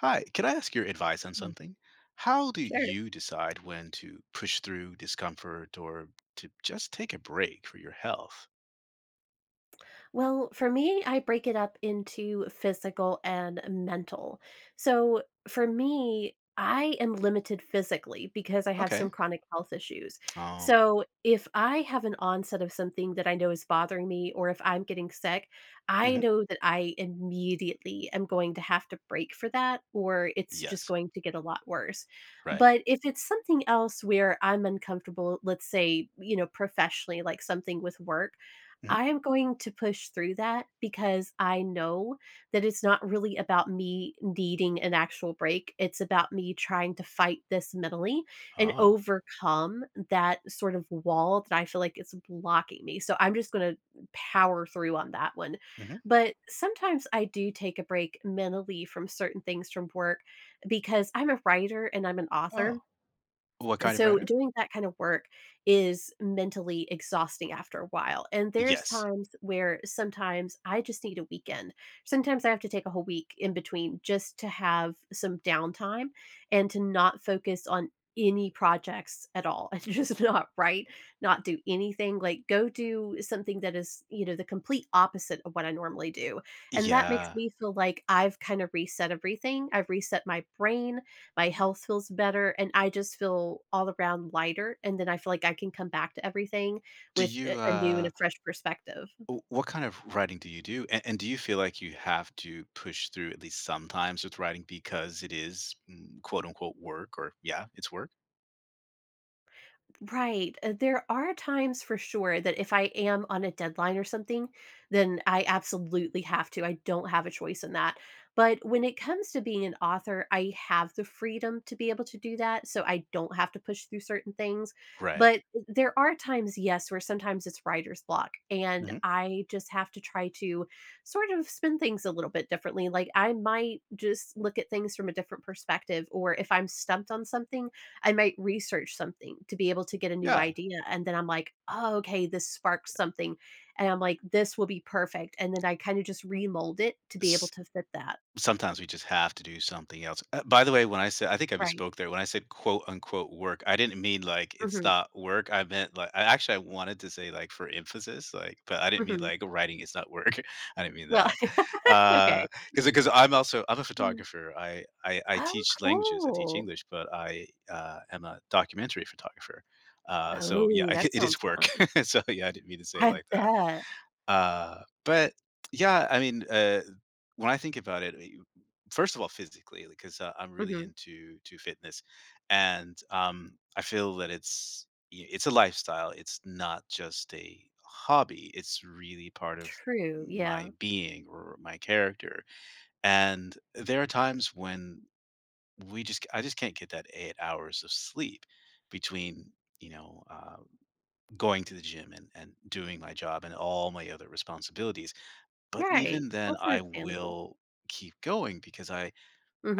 Hi, can I ask your advice on Hey. something? How do Sure. you decide when to push through discomfort, or to just take a break for your health? Well, for me, I break it up into physical, and mental. So, for me, I am limited physically, because I have some Okay. chronic health issues, Oh. so, if I have an onset of something that I know is bothering me or if I'm getting sick, I Mhm. know that I immediately am going to have to break for that, or it's just Yes. going to get a lot worse, Right. but, if it's something else where I'm uncomfortable, let's say, you know, professionally, like something with work, Mm. I am going to push through that, because I know that it's not really about me needing an actual break, it's about me trying to fight this mentally, and Oh. overcome that, sort of, wall that I feel like is blocking me, so, I'm just gonna power through on that one. Mhm. But sometimes I do take a break mentally from certain things from work, because I'm a writer and I'm an Oh, author, what kind of so, writer? doing that kinda work is mentally exhausting after a while, and there's Yes. times where sometimes I just need a weekend. Sometimes I have to take a whole week, in between, just to have some downtime, and to not focus on any projects at all, and just not write, not do anything, like, go do something that is, you know, the complete opposite of what I normally do, and that makes Yeah. me feel like I've kind of reset everything, I've reset my brain, my health feels better, and I just feel all around lighter, and then I feel like I can come back to everything Do with, a you a new, and uh a fresh perspective. w what kind of writing do you do? An and do you feel like you have to push through, at least sometimes with writing, because it is, mm, quote, unquote, "work" or yeah, it's work? Right, uh, there are times, for sure, that if I am on a deadline or something, then I absolutely have to, I don't have a choice in that, but when it comes to being an author, I have the freedom to be able to do that, so, I don't have to push through certain things, Right. but th there are times, yes, where sometimes it's writer's block, and Mhm. I just have to try to sort of spin things a little bit differently, like, I might just look at things from a different perspective, or if I'm stumped on something, I might research something to be able to get a new Yeah. idea and then I'm like, "Oh, okay, this sparks something." And I'm like, "This will be perfect," and then I kinda just remold it to be able S to fit that. sometimes we just have to do something else uh, by the way, when I said I think I Right. misspoke there, when I said quote, unquote "work," I didn't mean, like, it's Mhm. not work, I meant li I actually, I wanted to say, like, for emphasis, like, but I didn't mean, Mhm. like, writing is not work. I didn't mean Well, that. okay. Uh, 'cause, uh, 'cause I'm also I'm a Mm. photographer, I I I Oh, teach languages, I teach cool! English, but I, uh, am a documentary photographer, uh, so, yeah, Oh, I ge that it sounds is work, fun. so, yeah, I didn't mean to say it I like that. bet. Uh, but, yeah, I mean, uh, when I think about it, uh y you first of all, physically, like, 'cause I I'm really Mhm. into to fitness, and, um, I feel that it's y it's a lifestyle, it's not just a hobby, it's really part of True, my yeah. being or my character, and there are times when we just I just can't get that 8 hours of sleep between, you know, um, going to the gym and and doing my job and all my other responsibilities, but Right, even then, that's I understandable. will keep going because I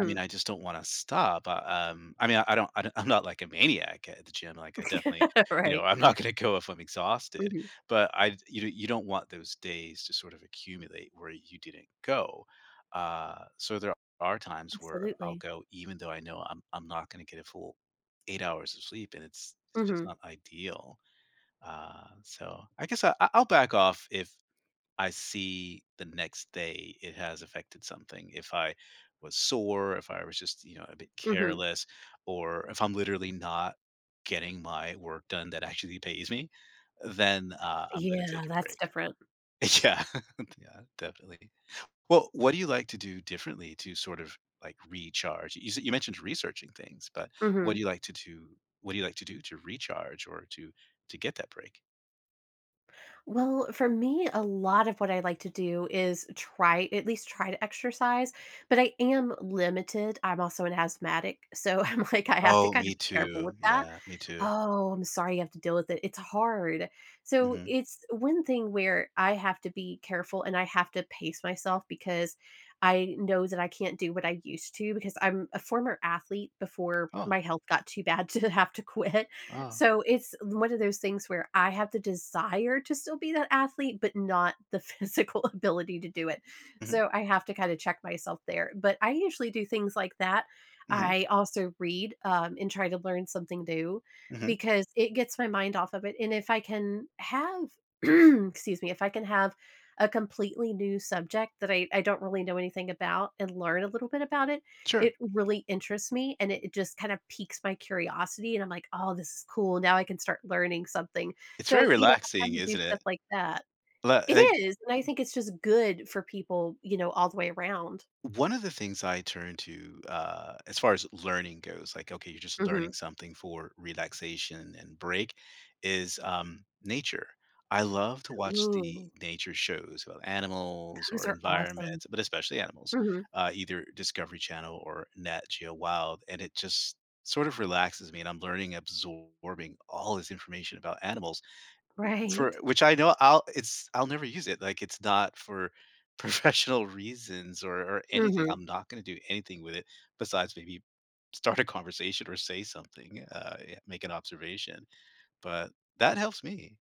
I mean, I just don't wanna stop, uh um I mean, I I don't I don I'm not, like, a maniac at the gym, like, I definitely you know Right. I'm not gonna go if I'm exhausted, Mhm. but I you d you don't want those days to sort of accumulate where you didn't go. Uh, so, there are times where I'll Absolutely. go even though I know I'm I'm not gonna get a full 8 hours of sleep and it's it's just Mhm. not ideal, um, so, I guess I I I'll back off if I see the next day it has affected something, if I was sore, if I was just, you know, a bit Mhm. careless, or if I'm literally not getting my work done that actually pays me, uh, then, uh, I'm gonna Yeah, take a that's break. different. Yeah. Yeah, definitely. Well, what do you like to do differently to sort of, like, recharge? You you sai you mentioned researching things, but what do Mhm. you like to do what do you like to do to recharge or to to get that break? Well, for me, a lot of what I like to do is try at least try to exercise, but I am limited. I'm also an asthmatic, so I'm like I have to Oh, kind of me be careful with too. that. Yeah, me too. Oh, I'm sorry you have to deal with it. It's hard. So, Mhm. it's one thing where I have to be careful, and I have to pace myself because I know that I can't do what I used to, because I'm a former athlete, before Oh. my health got too bad to have to quit. Ah. So, it's one of those things where I have the desire to still be that athlete, but not the physical ability to do it, Mhm. so I have to kinda check myself there. But I usually do things like that. Mhm. I also read, um, and try to learn something new Mhm. because it gets my mind off of it. And if I can have excuse me if I can have a completely new subject that I I don't really know anything about, and learn a little bit about it, Sure. it really interests me, and it it just kinda piques my curiosity, and I'm like, "Oh, this is cool. Now I can start learning something." It's very So, you know, I'm relaxing, trying to do isn't stuff it? like that. L It like is, and I think it's just good for people, you know, all the way around. One of the things I turn to, uh, as far as learning goes, like, okay, you're just learning Mhm. something for relaxation and break, is, um, nature. I love to watch the Ooh. nature shows about animals, Those or are awesome. environments, but especially animals, Mhm. uh, either Discovery Channel or Nat Geo Wild, and it just sort of relaxes me and I'm learning absorbing all this information about animals, for Right. which I know I'll it's I'll never use it. Like, it's not for professional reasons, or or anything. Mhm. I'm not going to do anything with it, besides maybe start a conversation or say something, uh, ye make an observation. But, that helps me.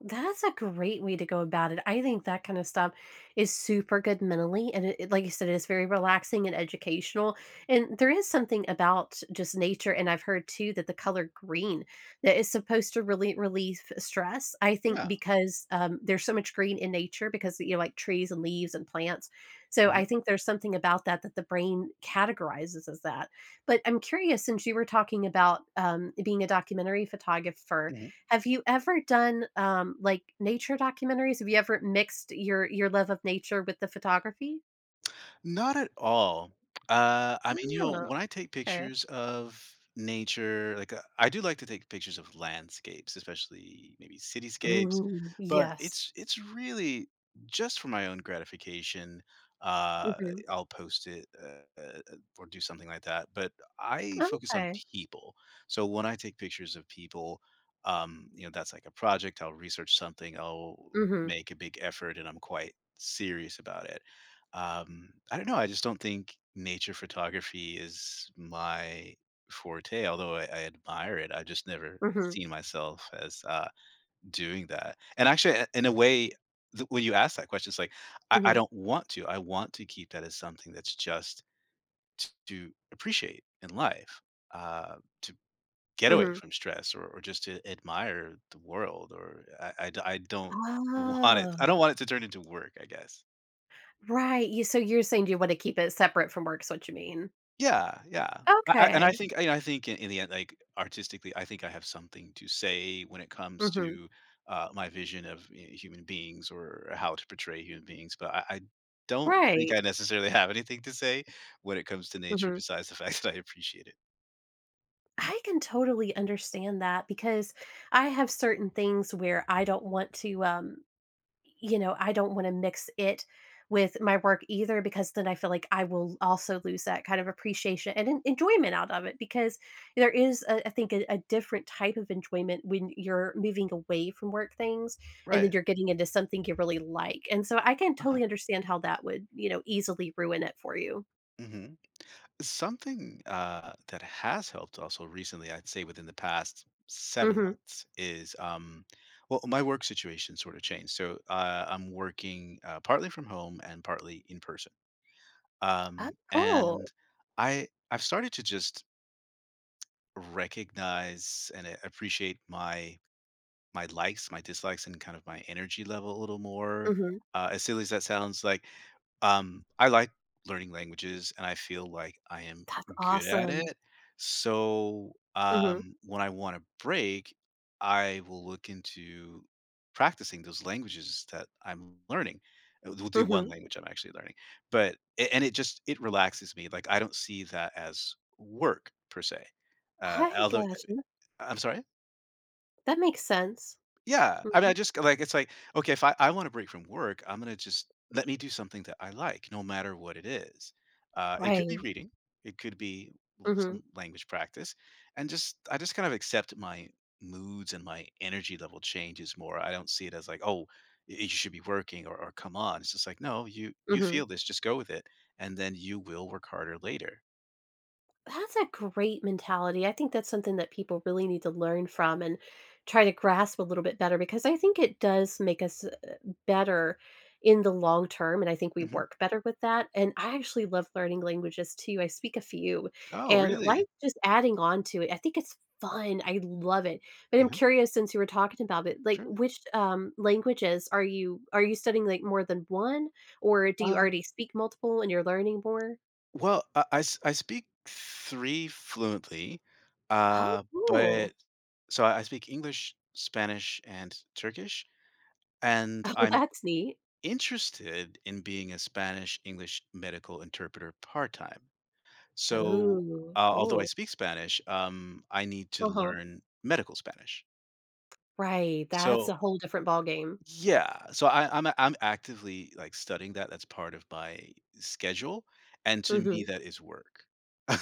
That's a great way to go about it. I think that kinda stuff is super good mentally, and it like I said, it's very relaxing and educational. And there is something about, just nature, and I've heard too that the color green, that is supposed to really relieve stress. I think Yeah. because, um, there's so much green in nature because, you know, like trees and leaves and plants. So, Mhm. I think there's something about that that the brain categorizes as that. But I'm curious, since you were talking about, um, being a documentary photographer, Mhm. have you ever done, um, like, nature documentaries? Have you ever mixed your your love of nature with the photography? Not at all. Uh, I mean, you know, Oh, when I take okay. pictures of nature like, I do like to take pictures of landscapes, especially, maybe cityscapes. Ooh, But yes. it's it's really just for my own gratification. Uh, Mhm. I'll post it, uh eh or do something like that. But I focus on Okay. people. So when I take pictures of people, um, you know, that's like a project. I'll research something, I'll Mhm. make a big effort, and I'm quite serious about it. Um, I don't know, I just don't think nature photography is my forte, although I I admire it. I've just never Mhm. seen myself as, uh, doing that. And actually, i in a way, th when you ask that question, it's like, I I Mhm. don't want to. I want to keep that as something that's just t to appreciate in life, uh, to get away Mhm. from stress or or just to admire the world. Or I I d I don't want it Oh. I don't want it to turn into work, I guess. Right. You so you're saying you wanna keep it separate from work, is what you mean. Yeah, yeah. I I and I Okay. think And I think in the end, like, artistically, I think I have something to say when it comes Mhm. to, uh, my vision of h human beings or how to portray human beings. But I I don't think Right. I necessarily have anything to say when it comes to nature Mhm. besides the fact that I appreciate it. I can totally understand that, because I have certain things where I don't want to, um y you know, I don't wanna mix it with my work either, because then I feel like I will also lose that kind of appreciation and en enjoyment out of it, because there is, uh, I think, a a different type of enjoyment when you're moving away from work things, and then Right. you're getting into something you really like, and so I can totally Uh-huh. understand how that would, you know, easily ruin it for you. Mhm. Something, uh, that has helped also, recently, I'd say within the past 7 Mhm. months is, um well, my work situation sort of changed, so, uh, I'm working, uh, partly from home and partly in-person, Oh, um, cool. and I I've started to just recognize and a appreciate my my likes, my dislikes, and kind of my energy level a little more. Mhm. Uh, as silly as that sounds like, um, I like learning languages, and I feel like I am That's good at awesome. it, so, Mhm. um, when I want a break, I will look into practicing those languages that I'm learning well the one Mhm. language I'm actually learning, but a and it just it relaxes me, like, I don't see that as work, per se, uh, I although eh, got eh, you. I'm sorry? That makes sense. Yeah, I mean I Mhm. just c like, it's like, okay, if I I wanna break from work, I'm gonna just let me do something that I like, no matter what it is, uh, it could be Right. reading, it could be l Mhm. some language practice, and just I just kind of accept my moods and my energy level changes more, I don't see it as like, "Oh, y you should be working," or or "Come on." it's just like, "No, you you Mhm. feel this, just go with it." and then you will work harder later. That's a great mentality, I think that's something that people really need to learn from, and try to grasp a little bit better, because I think it does make us, uh uh better in the long term, and I think we Mhm. work better with that, and I actually love learning languages, too, I speak a few, Oh, and, like, really? just adding on to it, I think it's fun, I love it, but I'm Mhm. curious since you were talking about it, like, Sure. which, um, languages are you are you studying, like, more than 1 or do you Um already speak multiple, and you're learning more? Well, I I s I speak 3 fluently, Oh, uh, cool. but So I I speak English, Spanish, and Turkish, and Oh, I'm that's neat. interested in being a Spanish-English medical interpreter part time, so Oh, al although I cool. speak Spanish, um, I need to Uh-huh. learn medical Spanish. Right, that's So a whole different ballgame. Yeah, so I I'm a I'm actively, like, studying that, that's part of my schedule, and to Mhm. me, that is work.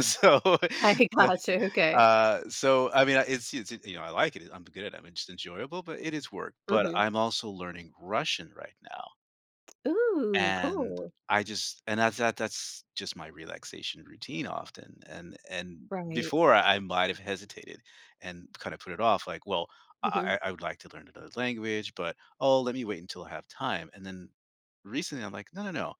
So, I s gotcha, okay. uh, so, I mean, uh, it's it's, you know, I like it, I'm good at it, I'm just enjoyable, but it is work, but Mhm. I'm also learning Russian right now. Ooh, And cool. I just and that that that's just my relaxation routine often, and and Right. before, I might have hesitated and kinda put it off like, "Well, Mhm. I I I would like to learn another language, but oh, let me wait until I have time," and then recently, I'm like, "No, no, no,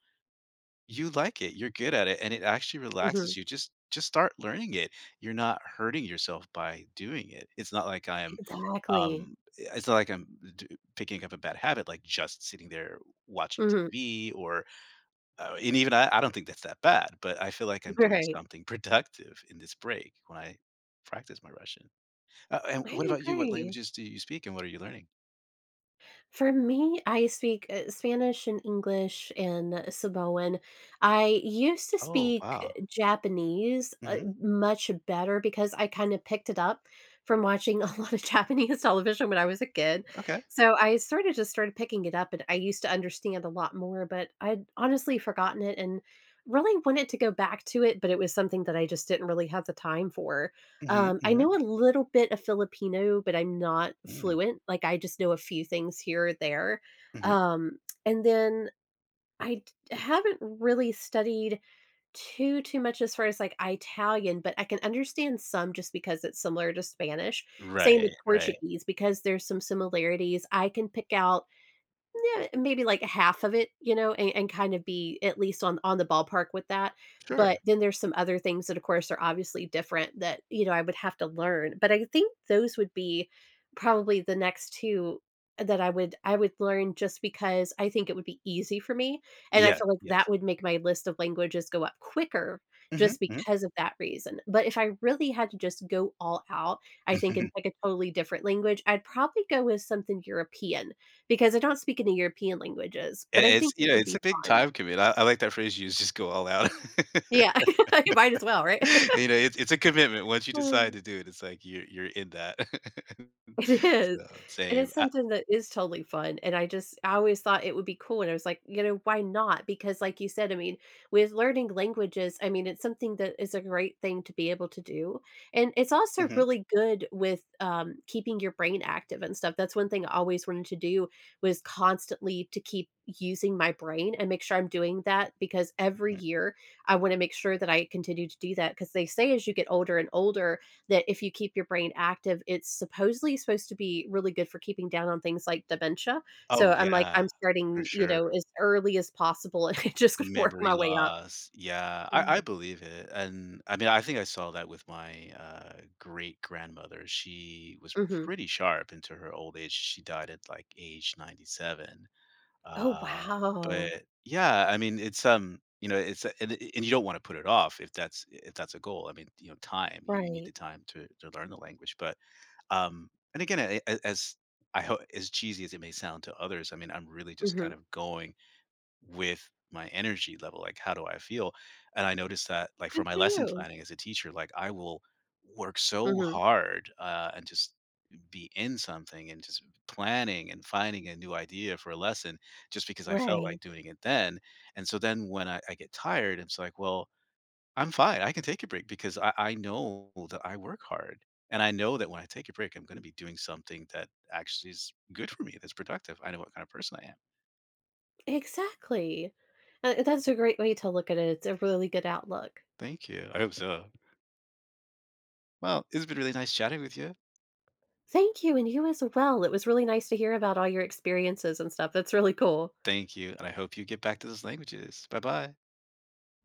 you like it, you're good at it, and it actually Mhm. relaxes you, just just start learning it. You're not hurting yourself by doing it," it's not like I'm, Exactly. um, eh it's not like I'm d picking up a bad habit, like, just sitting there watching Mhm. TV, or uh, even I I don't think that's that bad, but I feel like I'm doing Right. something productive in this break when I practice my Russian. Uh, and I what about you? What agree. languages do you speak and what are you learning? For me, I speak, uh, Spanish and English and Samoan. I used to Oh, speak wow. Japanese, uh, Mhm. much better because I kind of picked it up from watching a lot of Japanese television when I was a kid. Okay. So, I sorta just started picking it up, and I used to understand a lot more, but I'd honestly forgotten it, and really wanted to go back to it, but it was something that I just didn't really have the time for. Mhm. Um, I Mhm. know a little bit of Filipino, but I'm not Mm. fluent. Like, I just know a few things here or there. Mhm. Um, and then I d haven't really studied too, too much as far as like Italian, but I can understand some, just because it's similar to Spanish. Same Right. with Right. Portuguese, because there's some similarities. I can pick out nuh maybe, like, a half of it, you know, and and kind of be at least on on the ballpark with that. But Sure. then there's some other things that, of course, are obviously different that, you know, I would have to learn. But I think those would be probably the next 2 that I would I would learn just because I think it would be easy for me, and I Yeah. feel like Yes. that would make my list of languages go up quicker Mhm. just Mhm. because of that reason. But if I really had to just go all out, I think, in, like, a totally different language, I'd probably go with something European, because I don't speak any European languages, but And I it's think it yeah, would it's be a big fun. time commit I I like that phrase you used, just go all out. Yeah. You might as well, right? You know, it's it's a commitment. Once you decide to do it, it's like you're you're in that. It is. So, And same. it's Ah something that is totally fun, and I just I always thought it would be cool, and I was like, you know, why not? Because, like you said, I mean, with learning languages, I mean, it's something that is a great thing to be able to do. And it's also Mhm. really good with, um, keeping your brain active and stuff. That's one thing I always wanted to do, was constantly to keep using my brain and make sure I'm doing that, because every Hmm. year, I wanna make sure that I continue to do that, 'cause they say as you get older and older, that if you keep your brain active, it's supposedly supposed to be really good for keeping down on things like dementia. Oh, So I'm like yeah. I'm For starting, you sure. know, as early as possible, and I'm just going to work Memory my way up. loss. Yeah. I Mm. I believe it. And, I mean I think I saw that with my, uh, great-grandmother. She was Mhm. pretty sharp into her old age. She died at like, age 97. Oh, Uh, but, wow. yeah, I mean, it's, um, you know, it's and y y y you don't want to put it off if that's if that's a goal. I mean, you know, time. Y you need the Right. time to to learn the language. But, um and again, a a as, I ho as cheesy as it may sound to others, I mean, I'm really just kind Mhm. of going with my energy level. Like, how do I feel? And I noticed that, like, for Good my for lesson you! planning as a teacher, like, I will work so Mhm. hard, uh, and just be in something, and just planning and finding a new idea for a lesson just because I felt like Right. doing it then. And so then when I I get tired, it's like, "Well, I'm fine. I can take a break because I I know that I work hard. And I know that when I take a break, I'm gonna be doing something that actually is good for me, that's productive. I know what kind of person I am." Exactly! Uh, and that's a great way to look at it, it's a really good outlook. Thank you. I hope so. Well, it's been really nice chatting with you. Thank you, and you as well. It was really nice to hear about all your experiences and stuff. That's really cool. Thank you, and I hope you get back to those languages. Bye-bye. By